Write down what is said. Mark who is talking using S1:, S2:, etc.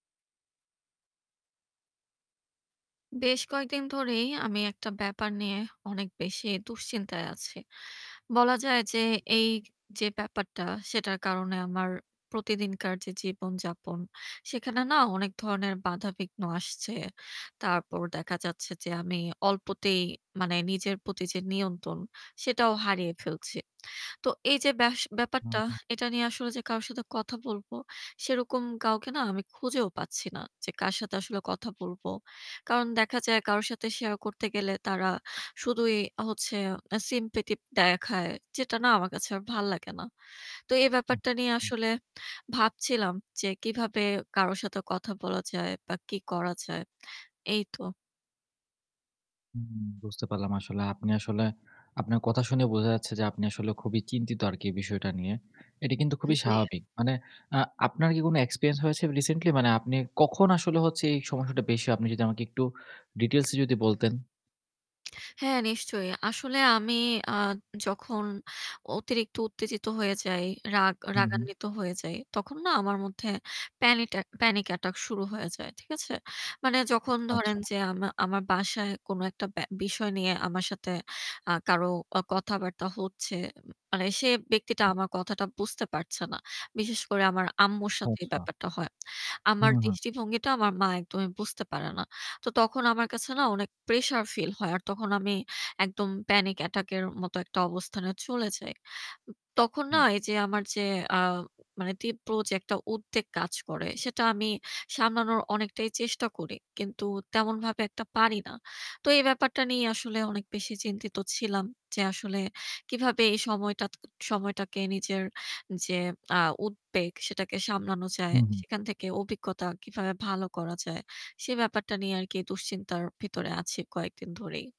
S1: বেশ কয়েকদিন ধরেই আমি একটা ব্যাপার নিয়ে অনেক বেশি দুশ্চিন্তায় আছি। বলা যায় যে এই যে ব্যাপারটা সেটার কারণে আমার প্রতিদিনকার যে জীবনযাপন সেখানে না অনেক ধরনের বাধা-বিঘ্ন আসছে। তারপর দেখা যাচ্ছে যে আমি অল্পতেই মানে নিজের প্রতি যে নিয়ন্ত্রণ সেটাও হারিয়ে ফেলছি। তো এইযে বাস
S2: হু,
S1: ব্যাপারটা
S2: হুম।
S1: এটা নিয়ে আসলে যে কারো সাথে কথা বলবো সেরকম কাউকে না আমি খুঁজেও পাচ্ছি না, যে কার সাথে আসলে কথা বলবো। কারণ দেখা যায় কারো সাথে শেয়ার করতে গেলে তারা শুধুই হচ্ছে sympathy দেখায়। যেটা না আমার কাছে আর ভাল্লাগেনা। তো এই
S2: হু।
S1: ব্যাপারটা নিয়ে
S2: হু।
S1: আসলে ভাবছিলাম যে কিভাবে কারো সাথে কথা বলা যায় বা কি করা যায়। এই তো।
S2: উম বুঝতে পারলাম আসলে। আপনি আসলে আপনার কথা শুনে বোঝা যাচ্ছে যে আপনি আসলে খুবই চিন্তিত আরকি এই বিষয়টা নিয়ে। এটি কিন্তু
S1: এ
S2: খুবই
S1: জ্বী।
S2: স্বাভাবিক। মানে আ আপনার কি কোনো experience হয়েছে recently? মানে আপনি কখন আসলে হচ্ছে এই সমস্যাটা বেশি আপনি যদি আমাকে একটু details এ যদি
S1: হুম।
S2: বলতেন।
S1: হ্যাঁ, নিশ্চয়ই। আসলে আমি আ যখন অতিরিক্ত উত্তেজিত হয়ে যাই, রাগ
S2: হু, হু।
S1: রাগান্বিত হয়ে যাই তখন না আমার মধ্যে প্যানিটেক panic attack শুরু হয়ে যায়। ঠিক আছে? মানে
S2: উম
S1: যখন
S2: আচ্ছা।
S1: ধরেন যে আমা আমার বাসায় কোনো একটা ব্যা বিষয় নিয়ে আমার সাথে আ কারো আ কথাবার্তা হচ্ছে, ম মানে সে ব্যক্তিটা
S2: হু।
S1: আমার কথাটা বুঝতে পারছে না, বিশেষ করে আমার আম্মুর সাথে এই
S2: আচ্ছা।
S1: ব্যাপারটা হয়। আমার
S2: হুম, হুম।
S1: দৃষ্টিভঙ্গিটা আমার মা একদমই বুঝতে পারে না। তো তখন আমার কাছে না অনেক প্রেশার ফিল হয়। আর তখন আমি একদম panic attack এর মতো একটা অবস্থানে চলে যাই। উ তখন না
S2: হুম।
S1: এযে আমার যে আ মানে তীব্র যে একটা উদ্বেগ কাজ করে সেটা আমি সামলানোর অনেকটাই চেষ্টা করি। কিন্তু তেমনভাবে একটা পারি না। তো এই ব্যাপারটা নিয়ে আসলে অনেক বেশি চিন্তিত ছিলাম যে আসলে কিভাবে এই সময়টাত সময়টাকে নিজের যে আ উদ্বেগ সেটাকে সামলানো যায়।
S2: হুম, হুম।
S1: সেখান থেকে অভিজ্ঞতা কিভাবে ভালো করা যায়। সে ব্যাপারটা নিয়ে আরকি দুশ্চিন্তার ভেতরে আছি কয়েকদিন ধরেই।